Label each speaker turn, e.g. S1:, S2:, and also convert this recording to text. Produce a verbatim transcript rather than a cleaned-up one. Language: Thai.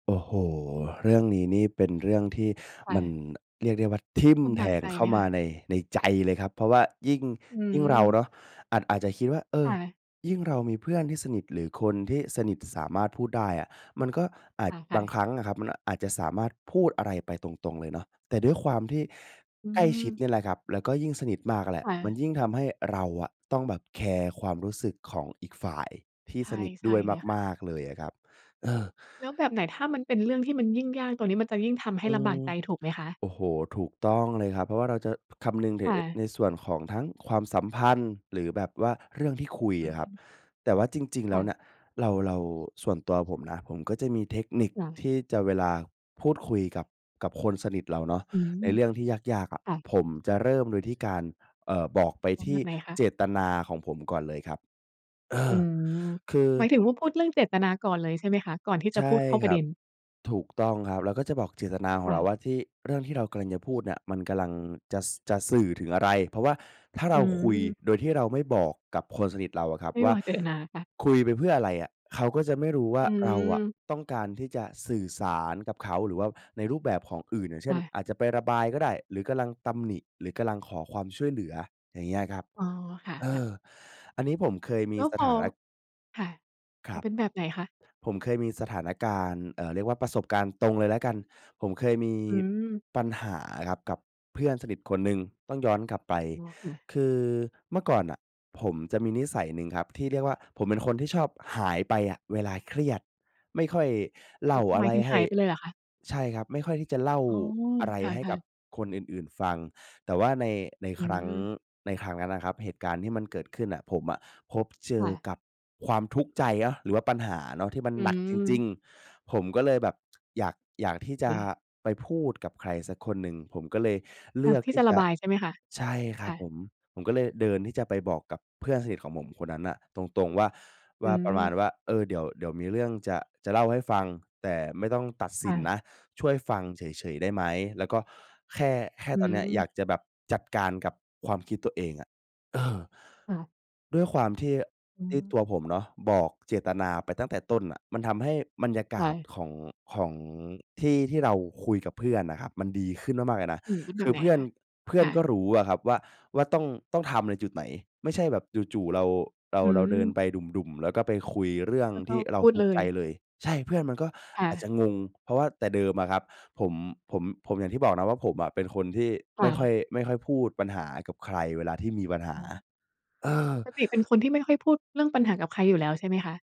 S1: โอ้โฮ เรื่องนี้นี่เป็นเรื่องที่
S2: ค่
S1: มัน
S2: ะ
S1: เรียกได้ว่า ทิ่ม
S2: ลำ
S1: แ
S2: บ
S1: ท
S2: าก
S1: ง
S2: ใจ
S1: เข้
S2: ไห
S1: า
S2: ม
S1: ม
S2: ค
S1: า
S2: ะ?
S1: ใน ในใจเลยครับ เพราะว่ายิ่ง
S2: อื
S1: ยิ่งเรา
S2: ม
S1: เนาะ อาจ อาจจะคิดว่า เอ
S2: ค
S1: อ
S2: ่ะ
S1: ยิ่งเรามีเพื่อนที่สนิท หรือคนที่สนิทสามารถพูดได้อะ มันก็อา
S2: อ
S1: จ
S2: า ค่
S1: บ
S2: ะ
S1: างครั้งอะครับ มันอาจจะสามารถพูดอะไรไปตรง ๆ เลยเนาะ แต่ด้วยความที่
S2: อื
S1: ใกล้ชิด เ
S2: ม
S1: นี่ยแหละครับ แล้วก็ยิ่งสนิทมากอะแหล
S2: ค
S1: ะ
S2: ่
S1: มั
S2: ะ
S1: นยิ่งทำให้เราอะต้องแบบแคร์ความรู้สึกของอีกฝ่ายที่
S2: ใช่
S1: สนิท
S2: ใช
S1: ด
S2: ่
S1: ้วย
S2: เลยค่ะ
S1: มาก ๆ เลยอะครับ เออ
S2: แล้วแบบไหน ถ้ามันเป็นเรื่องที่มันยิ่งยาก ตรงนี้มันจะยิ่งทำให
S1: อ
S2: ้
S1: ื
S2: ลำบา
S1: ม
S2: กใจ ถูกไหมคะ?
S1: โอ้โฮ ถูกต้องเลยครับ เพราะว่าเราจะ พ คำนึงถื
S2: ค
S1: อ
S2: ่
S1: เอ่อ
S2: ะ
S1: ในส่วนของทั้งความสัมพันธ์ หรือแบบว่าเรื่องที่คุย
S2: อื
S1: อะครับ
S2: ม
S1: แต่ว่าจริง ๆ แ
S2: ค
S1: ล้
S2: ่
S1: วน
S2: ะ
S1: ่ะ เรา เรา ส่วนตัวผมนะ ผมก็จะมีเทคนิค
S2: ค่ะ
S1: ที่จะ เวลาพูดคุยกับ กับคนสนิทเราเนาะ
S2: อืม
S1: ไอ้เรื่องที่ยาก ๆ อะ
S2: ค่ะ
S1: ผมจะเริ่มโดยที่การ เอ่อ บอกไป
S2: อ๋อ
S1: ท
S2: แบ
S1: ี่
S2: บไหนคะ?
S1: เจตนาของผมก่อนเลยครับ เอ
S2: อื
S1: อ
S2: ม
S1: คือ
S2: หมายถึงว่า พูดเรื่องเจตนาก่อนเลย ใช่ไหมคะ? ก่อนที่จ
S1: ใช
S2: ะพ
S1: ่
S2: ูดเข้า
S1: ค
S2: ปร
S1: ร
S2: ะ
S1: ั
S2: เด
S1: บ
S2: ็น
S1: ถูกต้องครับ เราก็จะบอกเจตนาขอ
S2: ค
S1: ง
S2: ่
S1: เราว
S2: ะ
S1: ่าที่ เรื่องที่เรากำลังจะพูดเนี่ย มันกำลังจะ ส จะสื่อถึงอะไร? เพราะว่าถ้า
S2: อ
S1: เร
S2: ื
S1: าคุย
S2: ม
S1: โดยที่เราไม่บอกกับคนสนิทเราอะครับ
S2: ไม่
S1: ว่
S2: บ
S1: า
S2: อก เจตนา ค่ะ
S1: คุยไปเพื่ออะไรอะ? เขาก็จะไม่รู้ว่
S2: อ
S1: า เราอะ
S2: ืม
S1: ต้องการที่จะสื่อสารกับเขา หรือว่าในรูปแบบของอื่น อย่างเ
S2: ใ
S1: ช
S2: ช
S1: ่น
S2: ่
S1: อาจจะไประบายก็ได้ หรือกำลังตำหนิ หรือกำลังขอความช่วยเหลือ อย่างเงี้ยอะครับ
S2: อ๋อ ค่
S1: เอ
S2: ะ ๆ
S1: อ อันนี้ ผมเคยม
S2: แล
S1: ี
S2: ้ว
S1: ส
S2: พ
S1: ถ
S2: อ
S1: านะ
S2: ค่ะ
S1: ค
S2: อ
S1: ร
S2: ๋
S1: ั
S2: อ
S1: บ
S2: เป็นแบบไหนคะ?
S1: ผมเคยมีสถานการณ์ เอ่อ เรียกว่าประสบการณ์ตรงเลยแล้วกัน ผมเคยมี
S2: อืม
S1: ปัญหาอะครับกับเพื่อนสนิทคนหนึ่ง ต้องย้อนกลับไป
S2: อ๋อ ค่ะ
S1: คือเมื่อก่อนน่ะผมจะมีนิสัยหนึ่งครับ ที่เรียกว่า ผมเป็นคนที่ชอบหายไปอะเวลาเครียด ไม่ค่อยเล
S2: โอ
S1: ่
S2: ้
S1: าอ
S2: หม
S1: ะ
S2: า
S1: ไร
S2: ยถึง
S1: ให
S2: ห
S1: ้
S2: ายไปเลยเหรอคะ?
S1: ใช่ครับ ไม่ค่อยที่จะเล่า
S2: อ๋อ
S1: อะไร
S2: ค
S1: ให้
S2: ่
S1: ก
S2: ะ
S1: ับ
S2: ๆ
S1: คนอื่น ๆ ฟัง แต่ว่าใน ใน
S2: อื
S1: ครั้ง
S2: ม
S1: ในครั้งนั้นน่ะครับ เหตุการณ์ที่มันเกิดขึ้นน่ะ ผมอะพบเจ
S2: ค
S1: อ
S2: ่ะ
S1: กับความทุกข์ใจเยาะ หรือว่าปัญหาเนาะ ที่มัน
S2: อื
S1: หนักจริง
S2: ม
S1: ๆ ผมก็เลยแบบ อยาก อยากที่จ
S2: เค
S1: ะ
S2: ค่ะ
S1: ไปพูดกับใครสักคนหนึ่ง ผมก็เลยเล
S2: อย
S1: ื
S2: าก
S1: อก
S2: ที
S1: ท
S2: ่
S1: ี
S2: จ
S1: ่
S2: ะ
S1: จ
S2: ระ
S1: ะ
S2: บาย ใช่ไหมคะ?
S1: ใช่คร
S2: ค
S1: ั
S2: ่
S1: บผ
S2: ะ
S1: ม ผมก็เลยเดินที่จะไปบอกกับเพื่อนสนิทของผมคนนั้นน่ะตรง ๆ ว่า ว
S2: อื
S1: ่า ประมาณ
S2: ม
S1: ว่า "เออ เดี๋ยว เดี๋ยวมีเรื่องจะ จะเล่าให้ฟัง แต่ไม่ต้องตัดส
S2: ค
S1: ิ
S2: ่
S1: น
S2: ะ
S1: นะ ช่วยฟังเฉย ๆ ได้ไหม? แล้วก็แค่ แค่
S2: อื
S1: ตอนเนี้ย อย
S2: ม
S1: ากจะแบบจัดการกับความคิดตัวเองอะ" เออ
S2: ค่ะ
S1: ด้วยความที่
S2: อื
S1: ที่
S2: ม
S1: ตัวผมเนาะ บอกเจตนาไปตั้งแต่ต้นน่ะ มันทำให้บรรยาก
S2: ค่
S1: าศ
S2: ะ
S1: ของ ของ ที่ ที่เราคุยกับเพื่อนน่ะครับ มันดีขึ้นมาก ๆ เลยนะ
S2: อืม เป็นแ
S1: ค
S2: บ
S1: ื
S2: บ
S1: อ
S2: ไหน
S1: เพื่อ
S2: ค
S1: น
S2: ะ?
S1: เพื่
S2: ค
S1: อน
S2: ่
S1: ก็
S2: ะ
S1: รู้อะครับว่า ว่า ต้อง ต้องทำในจุดไหน ไม่ใช่แบบจู่ ๆ เรา เรา
S2: อื
S1: เราเดิน
S2: ม
S1: ไปดุ่ม ๆ แล้วก็ไปคุยเรื่อง
S2: แล้วก
S1: ท
S2: ็
S1: ี่เรา
S2: พูด
S1: ทุก
S2: เล
S1: ข์ใจ
S2: ย
S1: เลย ใช่ เพื่อนมันก็
S2: ค่
S1: อาจจ
S2: ะ
S1: ะงง เพราะว่าแต่เดิมอะครับ ผม ผม ผม อย่างที่บอกนะว่าผมอะเป็นคนที่
S2: ค
S1: ไม
S2: ่
S1: ่ค่อย
S2: ะ
S1: ไม่ค่อยพูดปัญหากับใคร เวลาที่มีปัญหา
S2: อ๋อ
S1: เออ
S2: ปกติเป็นคนที่ไม่ค่อยพูดเรื่องปัญหากับใครอยู่แล้ว ใช่ไหมคะ?